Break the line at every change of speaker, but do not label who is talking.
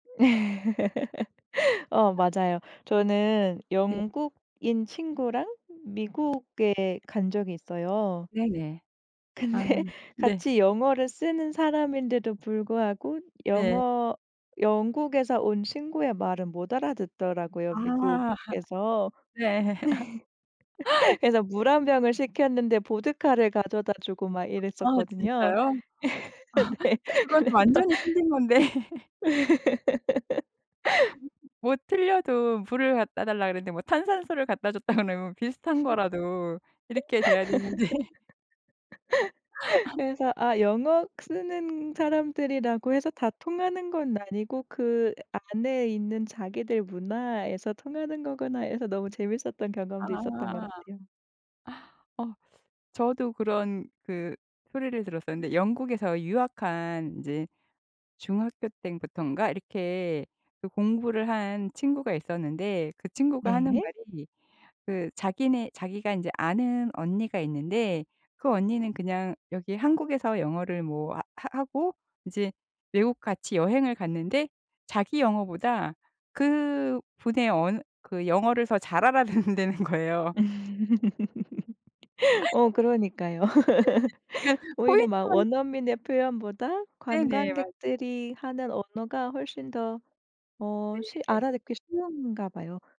어 맞아요. 저는
네.
영국인 친구랑 미국에 간 적이 있어요.
네네. 아
근데
네.
같이 영어를 쓰는 사람인데도 불구하고
네.
영어 영국에서 온 친구의 말은 못 알아듣더라고요
아
미국에서.
네.
그래서 물 1 병을 시켰는데 보드카를 가져다주고 막
아
이랬었거든요.
진짜요?
네
그건 완전히
그래서
틀린 건데. 뭐 틀려도 물을 갖다 달라 그랬는데 뭐 탄산수를 갖다 줬다 그러면 비슷한 거라도 이렇게 돼야 되는데.
그래서 '아 영어 쓰는 사람들이라고 해서 다 통하는 건 아니고 그 안에 있는 자기들 문화에서 통하는 거구나.' 해서 너무 재밌었던 경험도 있었던 것
아.
같아요.
어 저도 그런 그 소리를 들었어요. 근데 영국에서 유학한 이제 중학교 때부터인가 이렇게 그 공부를 한 친구가 있었는데 그 친구가 하는
네.
말이 그 자기네 자기가 이제 아는 언니가 있는데 그 언니는 그냥 여기 한국에서 영어를 뭐 하 하 하고 이제 외국 같이 여행을 갔는데 자기 영어보다 그분의 언 그 영어를 더 잘 알아듣는다는 거예요.
어 그러니까요.
네네네. 그
오히려 막
포인트만
원어민의 표현보다
네네. 맞
관광객들이 하는 언어가 훨씬 더 어 쉬
네.
알아듣기 쉬운가 봐요.